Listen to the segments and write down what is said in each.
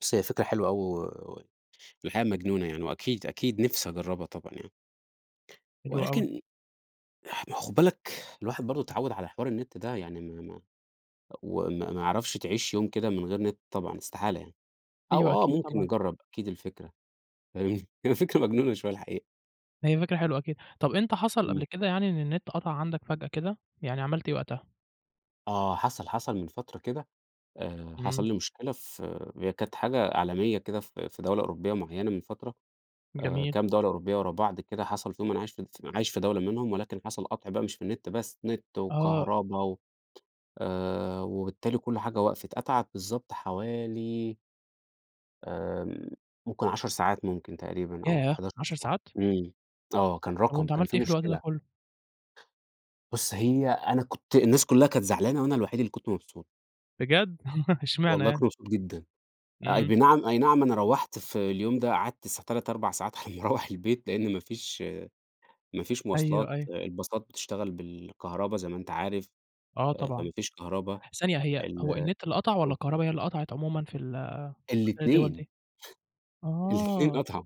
بُص، هي فكرة حلوة أوي و و الحقيقة مجنونة يعني، وأكيد، أكيد نفسي أجرّبها طبعًا يعني. حلو أوي. ولكن اح ما هو خُد بالك الواحد برضه [unintelligible] اتعوّد على حوار النِت ده. يعني ما ما أ وما ما يعرفش تعيش يوم كده من غير نِت طبعًا استحالة يعني. أو أيوه. آه أكيد ممكن طبعًا. نجرّب أكيد الفكرة. [unintelligible] هي فكرة مجنونة شوية الحقيقة. هي فكرة حلوة أكيد. طب إمتى حصل قبل إمم. كده يعني إن النِت قطع عندك فجأة كده، يعني عملت إيه وقتها؟ آه. حصل، حصل من فترة كده آآ حصل إمم. لي مشكلة في هي كانت حاجة عالمية كده في في دولة أوروبية معيّنة من فترة، آآ جميل. كام دولة أوروبية ورا بعض كده حصل فيهم، أنا عايش في الف عايش في دولة منهم ولكن حصل قَطْع بقى مش في النِت بس، نِت آه. وكهربا و آآ وبالتالي كل حاجة وقَفِت. قطعت بالضبط حوالي آمم ممكن 10 ساعات ممكن تقريبًا أو ياه! 11 10 ساعة. ساعات! إمم. آه. كان طب رقم، وأنت كان عملت في إيه في الوقت ده مشكلة. كُلّه؟ بُص، هي أنا كنت الناس كُلّها كانت زعلانة وأنا الوحيد اللي كنت مبسوط. بجد! إشمعنى والله كنت يعني؟ مبسوط جدًا. أي إمم. بنعم أي نعم أنا روّحت في اليوم ده قعدت الساع 3، 4 ساعات هيروّح البيت، لإن ما فيش ما فيش أيوه، مواصلات، أيوه. الباصات بتشتغل بالكهربا زي ما أنت عارف، آه أ فما طبعًا. فيش كهربا. ثانية هي ال هو النِت اللي قطع والّا آه. الكهربا هي اللي قطعت عمومًا في ال في خلال الدول الاتنين. دي؟ الاتنين آه. قطعوا.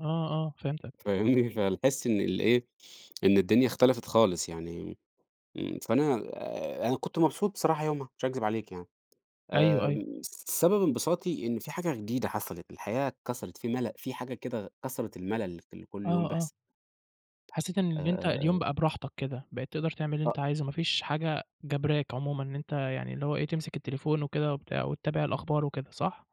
آه، آه، فهمتك. فاهمني؟ فالحِس إن الإيه، إن الدنيا اختلفت خالص. يعني م فأنا أنا كنت مبسوط بصراحة يومها، مش هاكذب عليك يعني. أيوه، أيوه. آمم سبب انبساطي، إن في حاجة جديدة حصلت، الحياة اتكسرت، في ملَل، في حاجة كده كسرت الملَل، في ال كل يوم آه، آه. بيحصل. حسّيت إن أ اللي أنت أ اليوم أ بقى براحتك كده. بقيت تقدر تعمل اللي أ أنت عايزه، ما فيش حاجة جَبراك عمومًا إن أنت يعني اللي هو إيه، تمسك التليفون وكده وبتاع وتتابع الأخبار وكده. صح؟